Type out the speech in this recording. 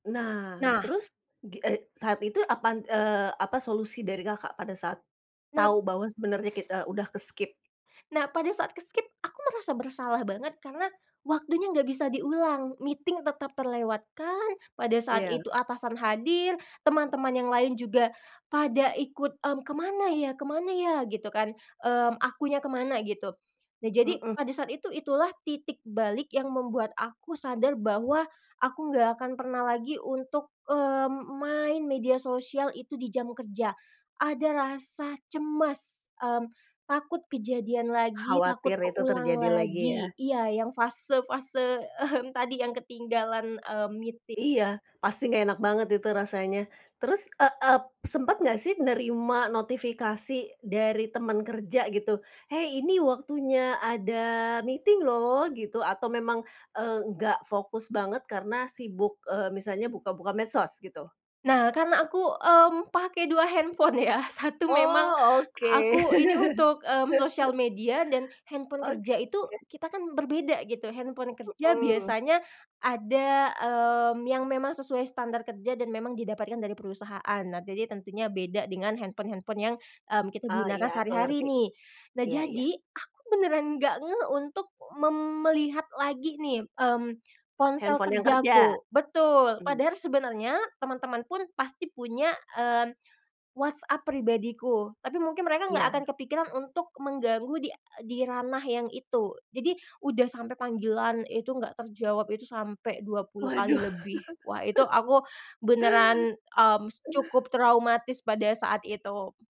Nah, Nah. terus gi eee, saat itu apa, eee, apa solusi dari Kakak, pada saat Nah. tahu bahwa sebenarnya kita udah ke-skip? Nah, pada saat ke-skip aku merasa bersalah banget, karena waktunya enggak bisa diulang. Meeting tetap terlewatkan. Pada saat Iya. itu atasan hadir, teman-teman yang lain juga pada ikut, "Mhm, kemana ya? Kemana ya?" gitu kan. Mmm, akunya kemana gitu. Nah, jadi Hmm. pada saat itu, itulah titik balik yang membuat aku sadar, bahwa aku enggak akan pernah lagi untuk, mmm, main media sosial itu di jam kerja. Ada rasa cemas, mmm, takut kejadian lagi, takut Khawatir itu keulang terjadi lagi lagi ya? iya, yang fase-fase mhm, tadi yang ketinggalan, mmm, meeting. Iya, pasti enggak enak banget itu rasanya. Terus, eee eee, sempet enggak sih nerima notifikasi dari teman kerja gitu, "Hei, ini waktunya ada meeting loh," gitu, atau memang, eee, enggak fokus banget karena sibuk, eee, misalnya buka-buka medsos gitu. Nah, karena aku, mmm, pakai 2 handphone ya. 1 memang Oh, oke. aku ini untuk, mmm, sosial media, dan handphone Oke. kerja itu kita kan berbeda gitu. Handphone kerja Mhm. biasanya ada, mmm, yang memang sesuai standar kerja dan memang didapatkan dari perusahaan. Nah, jadi tentunya beda dengan handphone-handphone yang, mmm, kita Oh, gunakan iya aku sehari-hari ngerti. nih. Nah, Iya iya. jadi aku benaran enggak ngeh untuk mem melihat lagi nih, mmm, ponsel Handphone yang kerja. kerjaku betul, Mhm. padahal sebenarnya teman-teman pun pasti punya, mmm, WhatsApp pribadiku, tapi mungkin mereka enggak Iya. akan kepikiran untuk mengganggu di di ranah yang itu. Jadi, udah sampai panggilan itu enggak terjawab, itu sampai 20 kali Waduh. lebih. Wah! Itu aku benaran, mmm, s cukup traumatis pada saat itu.